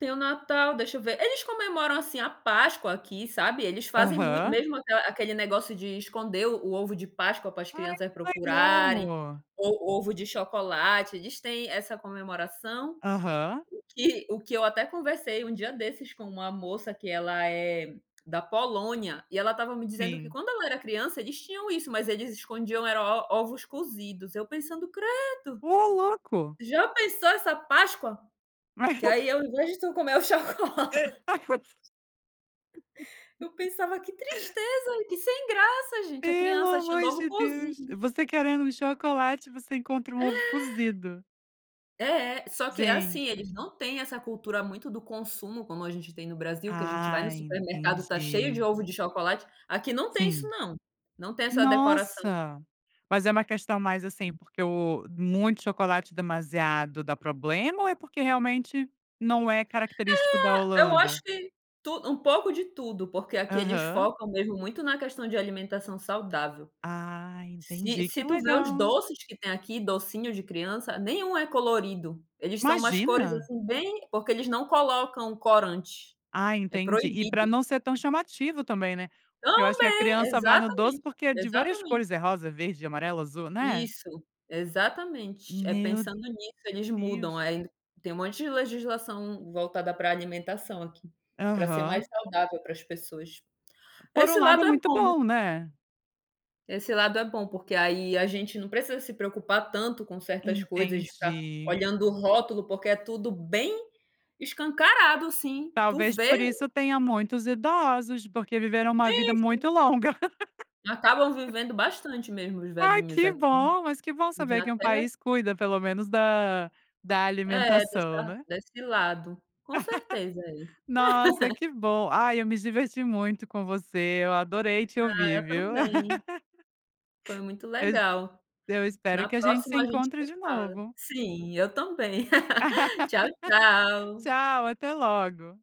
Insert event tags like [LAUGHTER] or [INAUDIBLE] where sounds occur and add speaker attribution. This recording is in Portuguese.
Speaker 1: Tem o Natal, deixa eu ver. Eles comemoram, assim, a Páscoa aqui, sabe? Eles fazem mui
Speaker 2: Aham.
Speaker 1: mesmo aquele negócio de esconder o ovo de Páscoa para as
Speaker 2: Ai
Speaker 1: crianças
Speaker 2: que
Speaker 1: procurarem,
Speaker 2: legal.
Speaker 1: o o ovo de chocolate, eles têm essa comemoração,
Speaker 2: Aham.
Speaker 1: que o que eu até conversei um dia desses com uma moça que ela é da Polônia, e ela estava me dizendo que
Speaker 2: Sim.
Speaker 1: quando ela era criança eles tinham isso, mas eles escondiam e era o ovos cozidos. Eu pensando: "Credo",
Speaker 2: Oh, louco.
Speaker 1: já pensou essa páscoa? Que
Speaker 2: [LAUGHS]
Speaker 1: aí ao invés de tu comer o chocolate. Eu pensava que
Speaker 2: [UNINTELLIGIBLE]
Speaker 1: tristeza, que sem graça gente, a
Speaker 2: Pelo
Speaker 1: criança achando
Speaker 2: amor
Speaker 1: ovo
Speaker 2: de Deus.
Speaker 1: cozido.
Speaker 2: Você querendo um chocolate, você encontra um
Speaker 1: É.
Speaker 2: ovo cozido.
Speaker 1: É, só que assim, eles
Speaker 2: Gente.
Speaker 1: não têm essa cultura muito do consumo como a gente tem no Brasil, que a gente vai no
Speaker 2: Ah,
Speaker 1: supermercado, tá cheio de
Speaker 2: entendi.
Speaker 1: ovo de chocolate, aqui não tem isso
Speaker 2: Sim.
Speaker 1: não, não tem essa decoração.
Speaker 2: Nossa, mas é uma questão mais assim
Speaker 1: Hum.
Speaker 2: porque o, muito chocolate demasiado dá problema, ou é porque realmente não é característico da
Speaker 1: É, eu acho
Speaker 2: Holanda?
Speaker 1: que um pouco de tudo, porque aqui eles
Speaker 2: Aham.
Speaker 1: focam mesmo muito na questão de alimentação saudável.
Speaker 2: Ah,
Speaker 1: Se
Speaker 2: entendi que
Speaker 1: se tu ver os
Speaker 2: legal.
Speaker 1: doces que tem aqui, docinho de criança, nenhum é colorido. Eles são umas cores
Speaker 2: Imagina.
Speaker 1: assim bem, porque eles não colocam corante.
Speaker 2: Ah,
Speaker 1: É
Speaker 2: entendi e pra
Speaker 1: proibido.
Speaker 2: não ser tão chamativo também, né? Porque eu acho que a
Speaker 1: Também,
Speaker 2: criança vai no doce
Speaker 1: exatamente,
Speaker 2: porque é de várias
Speaker 1: exatamente.
Speaker 2: cores, é rosa, verde, amarelo, azul, né.
Speaker 1: Isso, exatamente. É
Speaker 2: Meu
Speaker 1: pensando nisso eles mudam,
Speaker 2: Deus.
Speaker 1: aí tem um monte de legislação voltada pra alimentação aqui, pra ser mais
Speaker 2: Aham.
Speaker 1: saudável para as pessoas.
Speaker 2: Por
Speaker 1: Esse
Speaker 2: um lado é
Speaker 1: lado é
Speaker 2: muito
Speaker 1: bom.
Speaker 2: bom, né.
Speaker 1: Esse lado é bom, porque aí a gente não precisa se preocupar tanto com certas coisas, de ficar
Speaker 2: Entendi.
Speaker 1: olhando o rótulo porque é tudo bem escancarado assim, tu
Speaker 2: Talvez
Speaker 1: vê
Speaker 2: por isso tenha muitos idosos, porque viveram uma vida
Speaker 1: Gente.
Speaker 2: muito longa.
Speaker 1: Acabam
Speaker 2: [LAUGHS]
Speaker 1: vivendo bastante mesmo os
Speaker 2: Ai
Speaker 1: velhinhos
Speaker 2: que
Speaker 1: aqui.
Speaker 2: bom, mas que bom saber que um
Speaker 1: [UNINTELLIGIBLE]
Speaker 2: país cuida pelo menos da da
Speaker 1: É,
Speaker 2: alimentação, né.
Speaker 1: desse lado. Com certeza.
Speaker 2: [LAUGHS] Nossa,
Speaker 1: [LAUGHS]
Speaker 2: que bom. Ai eu me diverti muito com você, eu adorei te
Speaker 1: Ah,
Speaker 2: ouvir,
Speaker 1: eu
Speaker 2: viu.
Speaker 1: também.
Speaker 2: [LAUGHS]
Speaker 1: Foi muito
Speaker 2: Eu
Speaker 1: legal.
Speaker 2: eu espero
Speaker 1: Na
Speaker 2: que a gente se
Speaker 1: próxima a gente
Speaker 2: encontre
Speaker 1: vai
Speaker 2: de
Speaker 1: falar
Speaker 2: novo.
Speaker 1: Sim, eu também. [LAUGHS] Tchau
Speaker 2: [LAUGHS]
Speaker 1: tchau.
Speaker 2: Tchau, até logo.